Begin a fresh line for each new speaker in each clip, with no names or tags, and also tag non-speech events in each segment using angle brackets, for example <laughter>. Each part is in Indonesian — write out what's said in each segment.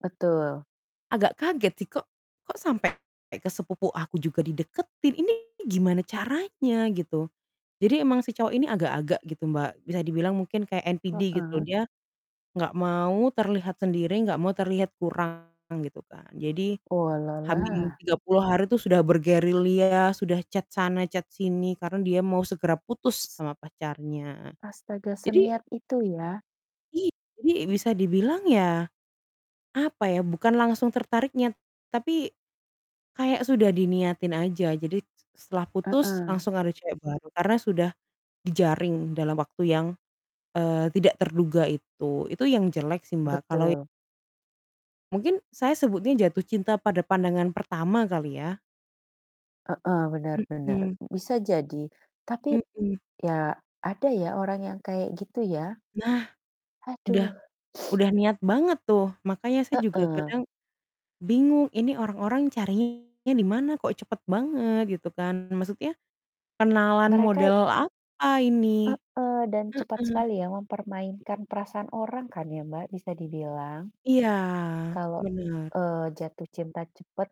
Betul.
Agak kaget sih kok kok sampai ke sepupu aku juga dideketin? Ini gimana caranya gitu. Jadi emang si cowok ini agak-agak gitu, Mbak. Bisa dibilang mungkin kayak NPD gitu.
Heeh.
Dia enggak mau terlihat sendiri, enggak mau terlihat kurang gitu kan. Jadi H min
Oalalah.
tiga puluh hari itu sudah bergerilya, sudah chat sana, chat sini karena dia mau segera putus
S
sama pacarnya.
Astaga,
Jadi
seniat itu ya?
I jadi bisa dibilang ya, apa ya, bukan langsung tertariknya, tapi kayak sudah diniatin aja. Jadi s setelah putus
Heeh.
langsung ada cewek baru, karena sudah dijaring dalam waktu yang, eee, tidak terduga itu. Itu yang jelek sih, Mbak, kalau i
Betul.
Mungkin saya sebutnya jatuh cinta pada pandangan pertama kali ya.
Heeh, benar benar.
Mhm.
Bisa jadi, tapi,
Mhm.
ya ada ya, orang yang kayak gitu ya.
Nah, udah
Aduh.
udah niat banget tuh. Makanya saya juga
Heeh.
kadang bingung, "Ini orang-orang carinya di mana kok cepet banget?" Gitu kan. Maksudnya kenalan
Mereka
model apa ini?
Heeh, dan cepat
Heeh.
sekali ya mempermainkan perasaan orang kan ya, Mbak, bisa dibilang.
Iya
Kalau,
bener.
eee, jatuh cinta cepat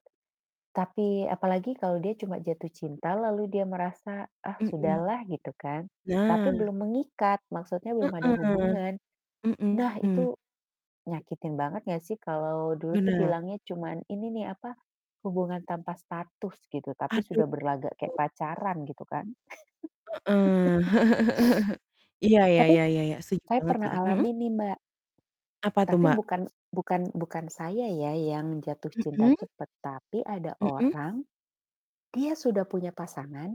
tapi apalagi kalau dia cuma jatuh cinta lalu dia merasa, "Ah,
Mhm.
sudahlah," gitu kan,
Nah.
tapi belum mengikat, maksudnya belum ada
Heeh,
hubungan. Nah
mhm.
itu nyakitin banget nggak sih? Kalau dulu tuh
Bener.
bilangnya cuman ini nih apa, "hubungan tanpa status" gitu, tapi
Aduh.
sudah berlagak kayak pacaran gitu kan.
Heeh, <chuckles>
<laughs>
iya, ya
Tapi
ya ya ya, setuju
saya
banget
pernah
sih. Mhm?
alami nih, Mbak.
Apa tuh,
Tapi
Mbak?
bukan bukan bukan saya ya yang jatuh cinta
Mhm.
cepat, tapi ada
Mhm.
orang, dia sudah punya pasangan